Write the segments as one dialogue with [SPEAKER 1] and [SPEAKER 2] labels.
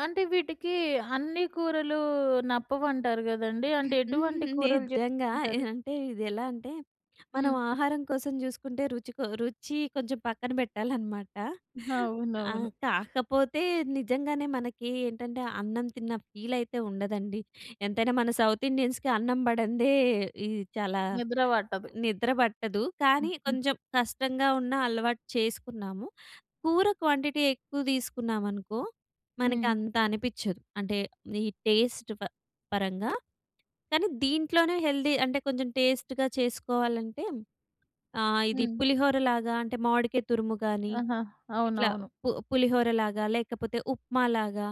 [SPEAKER 1] అంటే వీటికి అన్ని కూరలు నప్పవంటారు గదండీ. అంటే ఎటువంటి కూరలు
[SPEAKER 2] నిజంగా ఎ
[SPEAKER 1] చెయ్యమంటారు?
[SPEAKER 2] అంటే ఇదెలా అంటే మనం
[SPEAKER 1] హ్మ్.
[SPEAKER 2] ఆహారం కోసం జూసుకుంటే రుచి కొ రుచి కొంచెం పక్కన బెట్టాలనమాట. ఆహ్,
[SPEAKER 1] అవునవును.
[SPEAKER 2] కాకపోతే నిజంగానే మనకి ఏంటంటే అన్నం తిన్న ఫీలయితే ఉండదండి. ఎంతైనా మన సౌత్ ఇండియన్స్‌కీ అన్నం బడందే ఈ చాలా
[SPEAKER 1] నిద్ర వట్టదు.
[SPEAKER 2] నిద్ర బట్టదు. కానీ
[SPEAKER 1] హుహు.
[SPEAKER 2] కొంచెం కష్టంగా ఉన్న అలవాటు చేసుకున్నాము. కూర క్వాంటిటీ ఎక్కువ తీసుకున్నామనుకో మనకి
[SPEAKER 1] హ్మ్.
[SPEAKER 2] అంత అనిపిచ్చదు. అంటే ఈ టెస్ట్ ఫ పరంగా కానీ దీంట్లోనే హెల్తీ, అంటే కొంచెం టెస్ట్‌గా చేసుకోవాలంటే ఆహ్, ఇది
[SPEAKER 1] హ్మ్.
[SPEAKER 2] పులిహోర లాగా అంటే మామిడికాయ తురుము గాని
[SPEAKER 1] ఆహా!
[SPEAKER 2] ఇట్లా
[SPEAKER 1] అవునవును.
[SPEAKER 2] పు పులిహోర లాగా లేకపోతే ఉప్మా లాగా,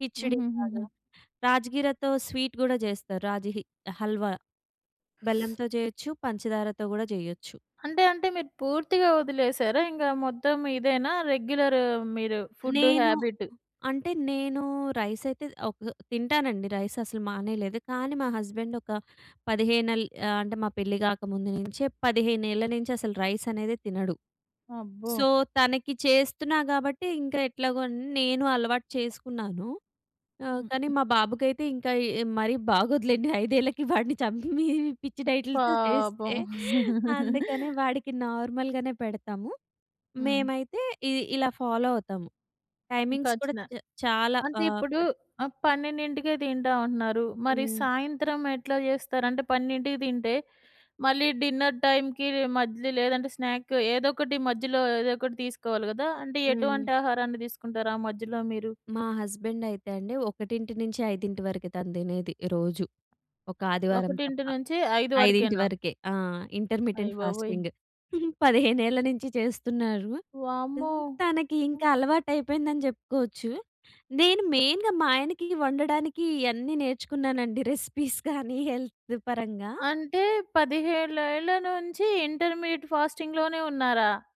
[SPEAKER 2] కిచిడి లాగా,
[SPEAKER 1] హుహుహు.
[SPEAKER 2] రాజ్ గీరతో స్వీట్ గూడా జెస్తారు. రాజ హి హల్వా. బెల్లంతో జెయొచ్చు. పంచదారతో గూడా జెయొచ్చు.
[SPEAKER 1] అంటే అంటే మీరు పూర్తిగా ఒదిలేసారా? ఇంగ మొత్తం ఇదేనా రెగ్యులర్ మీరు ఫుడ్
[SPEAKER 2] నేను
[SPEAKER 1] హాబిట్.
[SPEAKER 2] అంటే నేను రైసయితే ఒక తింటానండి. రైస్ అసలు మానేయలేదు. కానీ మా హస్బాండొక పదిహేనెల్ ఆహ్, అంటే మా పెళ్లి గాకముందు నుంచే 15 ఏళ్ళ నుంచి అసలు రైసనేదే తినడు.
[SPEAKER 1] అబ్బో!
[SPEAKER 2] సో తనకి చేస్తున్నా గాబట్టి ఇంక ఎట్లాగో న్ నేను అలవాటు చేసుకున్నాను. ఆహ్, కానీ
[SPEAKER 1] హుహు.
[SPEAKER 2] మా బాబుకైతే ఇంకా య్ మరీ బాగోదులేండి. 5 ఏళ్ళకి వాడిని చంపి మీ పిచ్చి డైట్‌లతో
[SPEAKER 1] పాపం.
[SPEAKER 2] చేస్తే. అందుకనె వాడికి నార్మల్‌గనే పెడతాము.
[SPEAKER 1] హ్మ్.
[SPEAKER 2] మేమైతే ఇ ఇలా ఫాలో అవుతాము. టైమింగ్స్ గూడా
[SPEAKER 1] కచ్చినా
[SPEAKER 2] చ్ చాలా
[SPEAKER 1] అంటే
[SPEAKER 2] ఆహ్,
[SPEAKER 1] ఇప్పుడు
[SPEAKER 2] పట్
[SPEAKER 1] ఆహ్, 12కే తింటాం అంటున్నారు. మరి
[SPEAKER 2] హ్మ్.
[SPEAKER 1] సాయంత్రం ఎట్లా జెస్తారు అంటే 12 తింటే మళ్ళీ డిన్నర్ టైంకీ మధ్య‌లో లేదంటే స్నాక్ ఏదోకటి మధ్యలో ఏదోకటి తీసుకోవాలి గదా! అంటే
[SPEAKER 2] హ్మ్.
[SPEAKER 1] ఎటువంటి ఆహారాన్ని దీసుకుంటారు ఆ మధ్యలో మీరు?
[SPEAKER 2] మా హస్బెండైతే అండి. 1-5 వరకె తను తినేది రోజు. ఒక ఆదివారం
[SPEAKER 1] ఒకటింటి
[SPEAKER 2] తప్ప.
[SPEAKER 1] నుంచి ఐదు
[SPEAKER 2] 5
[SPEAKER 1] వరకేనా?
[SPEAKER 2] వరకే. ఆహ్,
[SPEAKER 1] అయ్
[SPEAKER 2] ఇంటర్మిటెంట్
[SPEAKER 1] బాబోయ్!
[SPEAKER 2] ఫాస్టింగ్. 15 ఏళ్ల నించి చేస్తున్నారు.
[SPEAKER 1] వామ్మో!
[SPEAKER 2] తనకి
[SPEAKER 1] హ్మ్.
[SPEAKER 2] ఇంకా అలవాటైపోయిందని జెప్పుకోవచ్చు. నేను మెయిన్‌గా మా ఆయనకి వండడానికి ఇయన్నీ నేర్చుకున్నానండి రెసిపీస్ కానీ హెల్త్ పరంగా.
[SPEAKER 1] అంటే 15 ఏళ్ళ నుంచి ఇంటర్మీడియేట్ ఫాస్టింగ్‌లోనే ఉన్నారా?